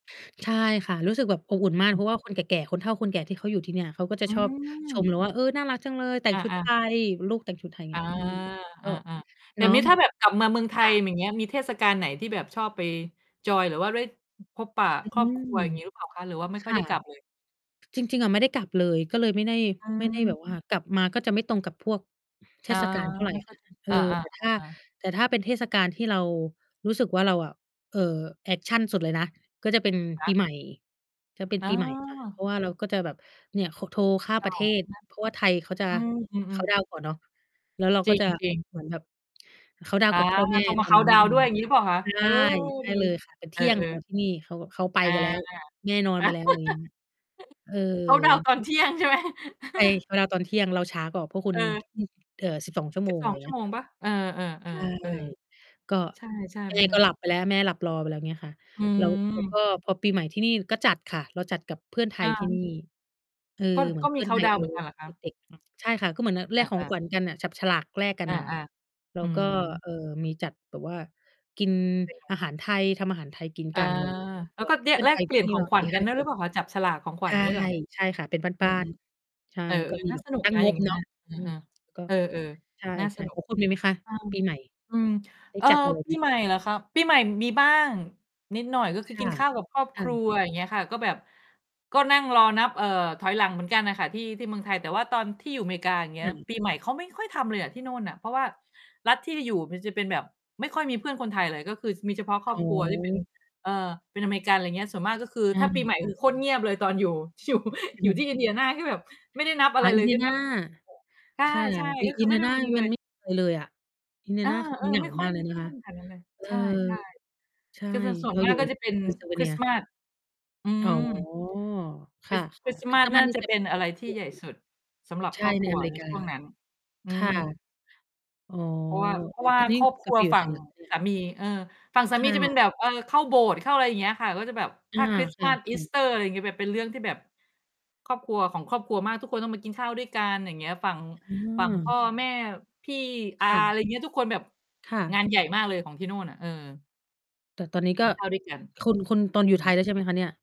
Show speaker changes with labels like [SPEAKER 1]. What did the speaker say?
[SPEAKER 1] ใช่ค่ะ รู้สึกแบบอบอุ่นมา
[SPEAKER 2] อ
[SPEAKER 1] ก เ
[SPEAKER 2] ื
[SPEAKER 1] พราะว่า
[SPEAKER 2] อ
[SPEAKER 1] คนแก่ ๆ คนเฒ่าคนแก่ที่เขาอยู่ที่เนี่ย เขาก็จะ
[SPEAKER 2] อื
[SPEAKER 1] ชอบชมเ
[SPEAKER 2] ม
[SPEAKER 1] ราว่า "เออ น่ารักจังเลย แต่งชุด
[SPEAKER 2] อา
[SPEAKER 1] ไท
[SPEAKER 2] ๆ
[SPEAKER 1] ย ลูกแต่งชุดไทย" เ
[SPEAKER 2] อ
[SPEAKER 1] งี
[SPEAKER 2] า
[SPEAKER 1] ้ย อือ ก
[SPEAKER 2] อ
[SPEAKER 1] ็
[SPEAKER 2] า ๆ แบ
[SPEAKER 1] เนา
[SPEAKER 2] บ
[SPEAKER 1] ะ
[SPEAKER 2] นี้ ถ
[SPEAKER 1] แ
[SPEAKER 2] ้
[SPEAKER 1] บ
[SPEAKER 2] า
[SPEAKER 1] บ
[SPEAKER 2] แบบกลับมาเมืองไท
[SPEAKER 1] ค่
[SPEAKER 2] ย
[SPEAKER 1] ะ
[SPEAKER 2] อย่างเงี้ย มีเทศกาลไหนที่แบบชอบไปจอย หรือว่าได้ พบปะ
[SPEAKER 1] อื
[SPEAKER 2] ครอบค
[SPEAKER 1] ม
[SPEAKER 2] รัว อย่างงี้หรือเปล่าคะ? หรือว่าไม่
[SPEAKER 1] ค
[SPEAKER 2] ค่อย
[SPEAKER 1] ่
[SPEAKER 2] ไ
[SPEAKER 1] ะ
[SPEAKER 2] ด้กลับ เลย?
[SPEAKER 1] จริง ๆ อะไม่ได้กลับเลย ก็เลยไม่ได้
[SPEAKER 2] อื
[SPEAKER 1] ไม่ได้แ
[SPEAKER 2] ม
[SPEAKER 1] บบว่า กลับมาก็จะไม่ตรงกับพวกเท
[SPEAKER 2] อา
[SPEAKER 1] ศ กาลเท่าไร
[SPEAKER 2] ไม่
[SPEAKER 1] อะ
[SPEAKER 2] ค่
[SPEAKER 1] ค
[SPEAKER 2] อย
[SPEAKER 1] ่ะ
[SPEAKER 2] กลับ
[SPEAKER 1] เออ
[SPEAKER 2] อา ๆ อา
[SPEAKER 1] แต่ ถ้า
[SPEAKER 2] อา
[SPEAKER 1] แต่ถ้าเป็นเทศกาลที่เรารู้สึกว่า เราอะ เอ่อ แอกชันสุดเลยนะ ก็จะเป็น
[SPEAKER 2] ค
[SPEAKER 1] ปี
[SPEAKER 2] ะ
[SPEAKER 1] ใหม่ จะเป็น
[SPEAKER 2] อ๋
[SPEAKER 1] ปีใหม่ ค่ะ เพร
[SPEAKER 2] อ
[SPEAKER 1] าะว่าเราก็จะแบบ เนี่ย ข โทรข้าม
[SPEAKER 2] เก
[SPEAKER 1] ปร
[SPEAKER 2] ่
[SPEAKER 1] ะ
[SPEAKER 2] า
[SPEAKER 1] เทศ เพราะว่าไทยเขาจะ
[SPEAKER 2] ใช่ไหม? อืม อ
[SPEAKER 1] เค
[SPEAKER 2] ืม
[SPEAKER 1] านต์ด
[SPEAKER 2] ๆ
[SPEAKER 1] าวน์ ก่อนเนาะ แล้วเรา
[SPEAKER 2] จ
[SPEAKER 1] ก
[SPEAKER 2] ร
[SPEAKER 1] ็
[SPEAKER 2] ิง
[SPEAKER 1] จะ
[SPEAKER 2] จริง
[SPEAKER 1] เหมือนแบบ เคานต์ดาว
[SPEAKER 2] อ
[SPEAKER 1] น์
[SPEAKER 2] า
[SPEAKER 1] กับ พ่อแม่
[SPEAKER 2] โทรม
[SPEAKER 1] ต
[SPEAKER 2] า
[SPEAKER 1] อ
[SPEAKER 2] เค
[SPEAKER 1] น
[SPEAKER 2] า
[SPEAKER 1] น
[SPEAKER 2] น
[SPEAKER 1] ั
[SPEAKER 2] ต
[SPEAKER 1] ้
[SPEAKER 2] ์
[SPEAKER 1] น
[SPEAKER 2] ดา
[SPEAKER 1] อ
[SPEAKER 2] ว
[SPEAKER 1] ื
[SPEAKER 2] น์ด้
[SPEAKER 1] ม
[SPEAKER 2] วย อย่างงี้หรือเปล่าคะ?
[SPEAKER 1] ใช
[SPEAKER 2] เ
[SPEAKER 1] ่
[SPEAKER 2] ออ
[SPEAKER 1] ใช่
[SPEAKER 2] ดี
[SPEAKER 1] เลยค่ะ เป็นเ
[SPEAKER 2] เ
[SPEAKER 1] ท
[SPEAKER 2] อ
[SPEAKER 1] ี่ยงข
[SPEAKER 2] อ
[SPEAKER 1] อง
[SPEAKER 2] ๆ
[SPEAKER 1] ที่นี่ เขาแบบ เขาไป
[SPEAKER 2] อา
[SPEAKER 1] กันแล้ว แม่นอนไปแล้ว ไรเงี้ย เออ
[SPEAKER 2] เคานต์ดาวน์ตอนเที่ยงใช่ไหม
[SPEAKER 1] ไทย เวลาตอนเที่ยงเราช้ากว่าพวกคุณ
[SPEAKER 2] เออ
[SPEAKER 1] อืม เอ่อ 12 ชั่ว
[SPEAKER 2] ส
[SPEAKER 1] โ
[SPEAKER 2] ิ
[SPEAKER 1] ม
[SPEAKER 2] บ
[SPEAKER 1] ง
[SPEAKER 2] สอ
[SPEAKER 1] ไร
[SPEAKER 2] ง ช
[SPEAKER 1] เ
[SPEAKER 2] ั
[SPEAKER 1] ง
[SPEAKER 2] ่
[SPEAKER 1] ี้
[SPEAKER 2] วโ
[SPEAKER 1] ย
[SPEAKER 2] ม
[SPEAKER 1] ค
[SPEAKER 2] ง
[SPEAKER 1] ่ะ
[SPEAKER 2] เปล่า? เออ
[SPEAKER 1] ใช่
[SPEAKER 2] ๆ ๆ เออ
[SPEAKER 1] ก็
[SPEAKER 2] ใช่
[SPEAKER 1] แม
[SPEAKER 2] ๆ มั
[SPEAKER 1] ่
[SPEAKER 2] นเป็
[SPEAKER 1] ก็
[SPEAKER 2] น
[SPEAKER 1] หลับ ไปแล้ว แม่หลับรอไปแล้ว เงี้ยค่ะ
[SPEAKER 2] อื
[SPEAKER 1] แล้ว แล้วก็
[SPEAKER 2] ม
[SPEAKER 1] พอปีใหม่ที่นี่ก็จัดค่ะ เราจัดกับเพื่อนไท
[SPEAKER 2] อ
[SPEAKER 1] ยที่
[SPEAKER 2] า
[SPEAKER 1] นี่ เออ
[SPEAKER 2] ก็
[SPEAKER 1] เหมื
[SPEAKER 2] ก
[SPEAKER 1] อ
[SPEAKER 2] ็
[SPEAKER 1] นเ
[SPEAKER 2] ม
[SPEAKER 1] พ
[SPEAKER 2] ี
[SPEAKER 1] ื่อ
[SPEAKER 2] เค
[SPEAKER 1] นไ
[SPEAKER 2] าน
[SPEAKER 1] ท
[SPEAKER 2] ต์
[SPEAKER 1] ย
[SPEAKER 2] ดา
[SPEAKER 1] เ
[SPEAKER 2] ว
[SPEAKER 1] อ
[SPEAKER 2] น์
[SPEAKER 1] า
[SPEAKER 2] เหมือนกันเหรอค
[SPEAKER 1] เ
[SPEAKER 2] ะ?
[SPEAKER 1] ด็ก
[SPEAKER 2] อือ
[SPEAKER 1] ๆ ใช่ค่ะ ก็เหมือน น แลกข
[SPEAKER 2] เอ
[SPEAKER 1] อง
[SPEAKER 2] อ ๆ
[SPEAKER 1] ขวัญกันน่ะ จับ ฉลากแลกกั
[SPEAKER 2] เอ
[SPEAKER 1] น
[SPEAKER 2] อ
[SPEAKER 1] น่ะค่ะ แล้
[SPEAKER 2] ๆ อื
[SPEAKER 1] วก็
[SPEAKER 2] อ
[SPEAKER 1] เอ่อ มีจัดแบบว่ากิน
[SPEAKER 2] เป็นไง?
[SPEAKER 1] อาหารไทย ทำอาหารไทยกิน
[SPEAKER 2] อา
[SPEAKER 1] กัน ไรเงี้ย
[SPEAKER 2] แล้
[SPEAKER 1] ก
[SPEAKER 2] ว
[SPEAKER 1] ็
[SPEAKER 2] ก็เนี่
[SPEAKER 1] เพ
[SPEAKER 2] ย
[SPEAKER 1] ื่อน
[SPEAKER 2] แล
[SPEAKER 1] ไท
[SPEAKER 2] ก
[SPEAKER 1] ย
[SPEAKER 2] เป
[SPEAKER 1] ท
[SPEAKER 2] ล
[SPEAKER 1] ี
[SPEAKER 2] ี่
[SPEAKER 1] ่
[SPEAKER 2] ยน
[SPEAKER 1] นี
[SPEAKER 2] ข
[SPEAKER 1] ่
[SPEAKER 2] อ
[SPEAKER 1] ก
[SPEAKER 2] ง
[SPEAKER 1] ็
[SPEAKER 2] ขว
[SPEAKER 1] ส
[SPEAKER 2] ั
[SPEAKER 1] ี
[SPEAKER 2] ญ
[SPEAKER 1] ่
[SPEAKER 2] ก
[SPEAKER 1] ห
[SPEAKER 2] ั
[SPEAKER 1] ้
[SPEAKER 2] น
[SPEAKER 1] า
[SPEAKER 2] ด้วย
[SPEAKER 1] ค
[SPEAKER 2] หรือ
[SPEAKER 1] น
[SPEAKER 2] เปล่าคะ? จับฉลากของขว
[SPEAKER 1] ใ
[SPEAKER 2] ั
[SPEAKER 1] ช
[SPEAKER 2] ญ
[SPEAKER 1] ่
[SPEAKER 2] งี้เหรอ?
[SPEAKER 1] ใช่ค่ะ เป็น
[SPEAKER 2] อื
[SPEAKER 1] บ้า
[SPEAKER 2] อ
[SPEAKER 1] น ๆ ใช่
[SPEAKER 2] ๆ เออ
[SPEAKER 1] แล้วก็ม
[SPEAKER 2] ๆ
[SPEAKER 1] ี
[SPEAKER 2] น่า
[SPEAKER 1] แบบ
[SPEAKER 2] สนุก
[SPEAKER 1] ตั้
[SPEAKER 2] น
[SPEAKER 1] ง
[SPEAKER 2] ะ
[SPEAKER 1] ง
[SPEAKER 2] อย่าง
[SPEAKER 1] บ
[SPEAKER 2] งั้
[SPEAKER 1] เ
[SPEAKER 2] น
[SPEAKER 1] นา
[SPEAKER 2] น
[SPEAKER 1] ะ
[SPEAKER 2] ่ะ เออ
[SPEAKER 1] อืม ก็
[SPEAKER 2] ๆ เออ
[SPEAKER 1] ใช่
[SPEAKER 2] ๆ น่าสนุ
[SPEAKER 1] ๆ โ
[SPEAKER 2] ก
[SPEAKER 1] อ้ คุณมีไหมคะ
[SPEAKER 2] อา
[SPEAKER 1] ปีใหม่?
[SPEAKER 2] อืม
[SPEAKER 1] ได้
[SPEAKER 2] เออ
[SPEAKER 1] จัด อะไร
[SPEAKER 2] ป
[SPEAKER 1] ไหม?
[SPEAKER 2] ีใหม่เหรอคะ ปีใหม่มีบ้างนิดหน่อย ก็ค
[SPEAKER 1] ค
[SPEAKER 2] ือก
[SPEAKER 1] ่
[SPEAKER 2] ิ
[SPEAKER 1] ะ
[SPEAKER 2] นข้าวกับครอบ
[SPEAKER 1] ค
[SPEAKER 2] ค
[SPEAKER 1] ่
[SPEAKER 2] รั
[SPEAKER 1] ะ
[SPEAKER 2] ว อย่างเงี้ยค่ะ ก็แบบ ก็นั่งรอนับ เอ่อ ถอยหลังเหมือนกันน่ะค่ะ ที่ ที่เมืองไทย แต่ว่าตอนที่อยู่อเมริกา อย่างเงี
[SPEAKER 1] ค
[SPEAKER 2] ้
[SPEAKER 1] ่
[SPEAKER 2] ย
[SPEAKER 1] ะ
[SPEAKER 2] ปีใหม่เขาไม่ค่อยทำเลยอะที่โน่นน่ะ เพราะว่ารัฐไปที่อยู่ มันจะเป็นแบบไม่ค่อยมีเพื่อนคนไทยเลย ก็คือ ช มีเฉพาะคร
[SPEAKER 1] อ๋
[SPEAKER 2] อบ
[SPEAKER 1] อ
[SPEAKER 2] ครัว ที่เป็น เอ่อ เป็นอเมริกัน ไรเงี้ย ส่วนมากก็คือ
[SPEAKER 1] อา
[SPEAKER 2] ถ้าปีใหม่
[SPEAKER 1] ค
[SPEAKER 2] ก็
[SPEAKER 1] ่ะ
[SPEAKER 2] คือโคตรเงียบเลยตอนอยู่ ช อยู่ อยู่ที่ Indiana ที่แบบไม่ได้นับอ
[SPEAKER 1] อ
[SPEAKER 2] ะไร
[SPEAKER 1] า
[SPEAKER 2] เลย ได้
[SPEAKER 1] Indiana
[SPEAKER 2] นับ ใ
[SPEAKER 1] ค่ะ
[SPEAKER 2] ช่ ๆ ก
[SPEAKER 1] In
[SPEAKER 2] ็คือไม่ได้
[SPEAKER 1] Indiana
[SPEAKER 2] ม มีเ
[SPEAKER 1] ม
[SPEAKER 2] ล
[SPEAKER 1] ัน
[SPEAKER 2] ย
[SPEAKER 1] ไม่เคย เลยอะ
[SPEAKER 2] เออ
[SPEAKER 1] Indiana คือมันเหง
[SPEAKER 2] ๆ ไ
[SPEAKER 1] า
[SPEAKER 2] ม่ค่อ
[SPEAKER 1] ม
[SPEAKER 2] ย
[SPEAKER 1] ากเล
[SPEAKER 2] มี
[SPEAKER 1] ย
[SPEAKER 2] เพ
[SPEAKER 1] นะ
[SPEAKER 2] ื่อ
[SPEAKER 1] คะ
[SPEAKER 2] นแถวนั้นเลย
[SPEAKER 1] เอ
[SPEAKER 2] ใ
[SPEAKER 1] อ
[SPEAKER 2] ช่
[SPEAKER 1] ใช่
[SPEAKER 2] ๆ คือจะ ส่ว
[SPEAKER 1] เร
[SPEAKER 2] น
[SPEAKER 1] า
[SPEAKER 2] ม
[SPEAKER 1] อ
[SPEAKER 2] า
[SPEAKER 1] ยู
[SPEAKER 2] ก
[SPEAKER 1] ่
[SPEAKER 2] ก็จะเป็นคริส
[SPEAKER 1] Pennsylvania
[SPEAKER 2] ต์มาส อื
[SPEAKER 1] อ๋อ
[SPEAKER 2] ม
[SPEAKER 1] ค
[SPEAKER 2] เป็
[SPEAKER 1] ่
[SPEAKER 2] น
[SPEAKER 1] ะ
[SPEAKER 2] ส
[SPEAKER 1] ค
[SPEAKER 2] คร
[SPEAKER 1] ่ะ
[SPEAKER 2] ิสต์
[SPEAKER 1] ค
[SPEAKER 2] ม
[SPEAKER 1] ริ
[SPEAKER 2] า
[SPEAKER 1] ส
[SPEAKER 2] ส
[SPEAKER 1] ต์
[SPEAKER 2] น
[SPEAKER 1] มา
[SPEAKER 2] ่
[SPEAKER 1] ส
[SPEAKER 2] า
[SPEAKER 1] นี่
[SPEAKER 2] จะ
[SPEAKER 1] จะ
[SPEAKER 2] เป็นอะไรที่
[SPEAKER 1] ใหญ
[SPEAKER 2] ใ
[SPEAKER 1] ่
[SPEAKER 2] หญ่สุด สำหรับ
[SPEAKER 1] ใช
[SPEAKER 2] ค
[SPEAKER 1] ่
[SPEAKER 2] รอบ
[SPEAKER 1] ใ
[SPEAKER 2] ค
[SPEAKER 1] น
[SPEAKER 2] รัว
[SPEAKER 1] อเมร
[SPEAKER 2] ใ
[SPEAKER 1] ิ
[SPEAKER 2] น
[SPEAKER 1] กา
[SPEAKER 2] ช่วงนั้น อื
[SPEAKER 1] ค่ะ
[SPEAKER 2] ม
[SPEAKER 1] อ๋อ
[SPEAKER 2] เพราะว่า เพ
[SPEAKER 1] เ
[SPEAKER 2] ร
[SPEAKER 1] อ
[SPEAKER 2] า
[SPEAKER 1] ่
[SPEAKER 2] ะ
[SPEAKER 1] อ
[SPEAKER 2] ว่า
[SPEAKER 1] ตอนนี
[SPEAKER 2] ค
[SPEAKER 1] ้
[SPEAKER 2] รอบค
[SPEAKER 1] กล
[SPEAKER 2] ร
[SPEAKER 1] ับ
[SPEAKER 2] ั
[SPEAKER 1] ไ
[SPEAKER 2] ว
[SPEAKER 1] ปอยู่
[SPEAKER 2] ฝั
[SPEAKER 1] ไท
[SPEAKER 2] ่ง
[SPEAKER 1] ยเหรอคะเนี่
[SPEAKER 2] ส
[SPEAKER 1] ย?
[SPEAKER 2] ามี เออ ฝั่งสา
[SPEAKER 1] ค
[SPEAKER 2] มี
[SPEAKER 1] ่
[SPEAKER 2] จะเป็นแ
[SPEAKER 1] ะ
[SPEAKER 2] บบ เออ เข้าโบสถ์ เข้าอะไรอย่างเงี้ยค่ะ ก็จะแบบ
[SPEAKER 1] อ
[SPEAKER 2] ถ้
[SPEAKER 1] า
[SPEAKER 2] า
[SPEAKER 1] ค่ะ
[SPEAKER 2] Christmas
[SPEAKER 1] ค่ะ
[SPEAKER 2] Easter ถึงจะแบบเป็นเรื่องที่แบบ ครอบครัว ของครอบครัวมาก ทุกคนต้องมากินข้าวด้วยกัน อย่างเงี้ย ฝั่ง
[SPEAKER 1] อ๋
[SPEAKER 2] ฝั่งพ
[SPEAKER 1] อ
[SPEAKER 2] ่อแม่ พี่ อา
[SPEAKER 1] ค่
[SPEAKER 2] ไ
[SPEAKER 1] ะ
[SPEAKER 2] ร เงี้ย ทุกคนแบบ
[SPEAKER 1] ค่
[SPEAKER 2] งา
[SPEAKER 1] ะ
[SPEAKER 2] นใหญ่มากเลยของที่โน่นน่ะ เออ
[SPEAKER 1] แต่ตอนนี้
[SPEAKER 2] ก
[SPEAKER 1] ก
[SPEAKER 2] ิ
[SPEAKER 1] ็
[SPEAKER 2] นข้าวด้วยกัน
[SPEAKER 1] คุณ คุณ ตอนอยู
[SPEAKER 2] อ
[SPEAKER 1] ่
[SPEAKER 2] ื
[SPEAKER 1] ไท
[SPEAKER 2] ม
[SPEAKER 1] ยแล้ว ใช่ไหมคะเนี่ย?